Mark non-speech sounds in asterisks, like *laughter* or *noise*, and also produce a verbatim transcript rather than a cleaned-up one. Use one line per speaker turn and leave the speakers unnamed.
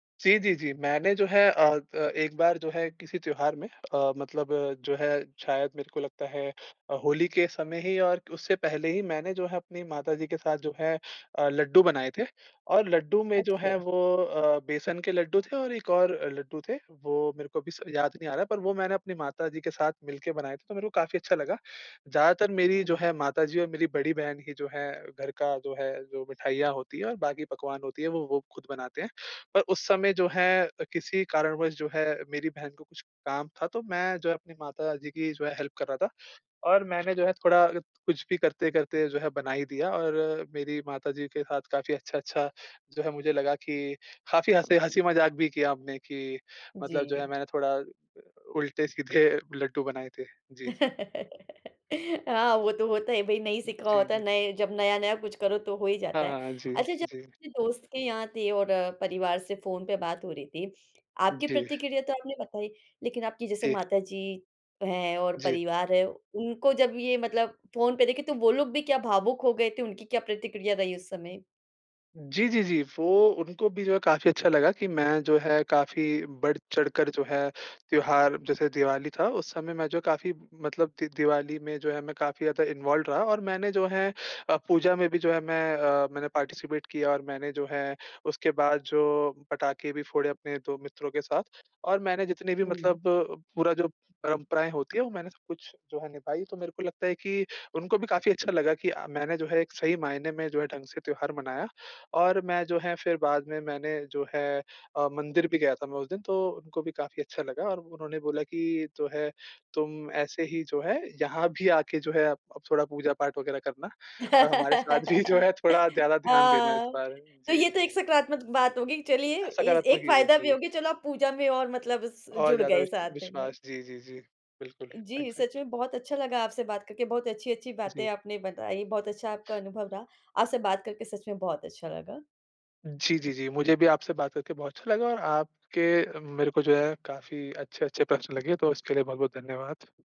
जी, जी, जी। मैंने जो है अ अ, एक बार जो है किसी त्योहार में अ, मतलब जो है, शायद मेरे को लगता है अ, होली के समय ही और उससे पहले ही मैंने जो है अपनी माता जी के साथ जो है अ, लड्डू बनाए थे और लड्डू में जो है
अच्छा।
वो अ, बेसन के लड्डू थे और एक और लड्डू थे। वो मेरे को अभी स याद नहीं आ रहा, पर वो मैंने अपनी माताजी के साथ मिल के बनाए थे, तो मेरे को काफ़ी अच्छा लगा। ज़्यादातर मेरी जो
हुँ।
है माताजी और मेरी बड़ी बहन ही जो है, घर का जो है जो मिठाइयाँ होती है और बाकी पकवान होती है, वो वो खुद बनाते हैं। पर उस समय जो है किसी कारणवश जो है मेरी बहन को कुछ काम था तो, मैं जो है अपनी माताजी की जो है हेल्प कर रहा था और मैंने जो है थोड़ा कुछ भी करते-करते जो है बना ही दिया और मेरी माता जी के साथ काफ़ी अच्छा-अच्छा जो है मुझे लगा कि काफ़ी हँसे हँसी-मजाक भी किया आपने कि मतलब जो है
जी।
मैंने थोड़ा उल्टे सीधे लड्डू बनाए थे। जी, जी।
हाँ वो तो होता है भाई नहीं सीखा
जी,
होता,
जी।
नए जब नया-नया कुछ करो तो हो ही
हाँ,
जाता है,
हाँ, हाँ। जी,
अच्छा जब
जी।
दोस्त के यहाँ थे और परिवार से फ़ोन पे बात हो रही थी आपकी
जी।
प्रतिक्रिया तो आपने बताई, लेकिन आपकी जैसे
जी।
माता जी हैं और
जी।
परिवार है उनको जब ये मतलब फ़ोन पे देखे तो वो लोग भी क्या भावुक हो गए थे? उनकी क्या प्रतिक्रिया रही उस समय?
जी, जी, जी। वो उनको भी जो है काफ़ी अच्छा लगा कि मैं जो है काफ़ी बढ़ चढ़कर जो है, त्योहार जैसे दिवाली था उस समय मैं जो काफ़ी मतलब दि दिवाली में जो है मैं काफ़ी ज़्यादा इन्वॉल्व्ड रहा और मैंने जो है अ, पूजा में भी जो है मैं अ, मैंने पार्टिसिपेट किया और मैंने जो है उसके बाद जो पटाखे भी फोड़े, अपने दो मित्रों के साथ और मैंने जितनी भी
हुँ।
मतलब पूरा जो परंपराएँ होती है वो मैंने सब कुछ जो है निभाई, तो मेरे को लगता है कि उनको भी काफ़ी अच्छा लगा कि अ, मैंने जो है एक सही मायने में जो है ढंग से त्योहार मनाया और मैं जो है फिर बाद में मैंने जो है अ, मंदिर भी गया था मैं उस दिन तो उनको भी काफ़ी अच्छा लगा और उन्होंने बोला कि जो है, तुम ऐसे ही जो है यहाँ भी आके जो है अब थोड़ा पूजा पाठ वग़ैरह करना और हमारे साथ भी जो है
*laughs*
थोड़ा ज़्यादा ध्यान देना इस
हाँ।
बार।
तो
जी,
ये तो
जी,
एक
जी।
सकारात्मक बात होगी, चलिए ए
सकारात्मक
एक
युवक,
फ़ायदा भी
जी।
होगया चलो आप पूजा में और मतलब स
और
जुड़
ज़्यादा
गए
विश
साथ में।
विश्वास। जी, जी, जी। बिल्कुल,
जी, सच
एग्ज़ैक्ट्ली
में बहुत अच्छा लगा आपसे बात करके, बहुत अच्छी-अच्छी
जी।
बातें आपने बताई, बहुत अच्छा आपका अनुभव रहा। आपसे बात करके सच में बहुत अच्छा लगा।
जी, जी, जी। मुझे भी आपसे बात करके बहुत अच्छा लगा और आपके मेरे को जो है काफ़ी अच्छे-अच्छे प्रश्न लगे, तो इसके लिए बहुत-बहुत धन्यवाद।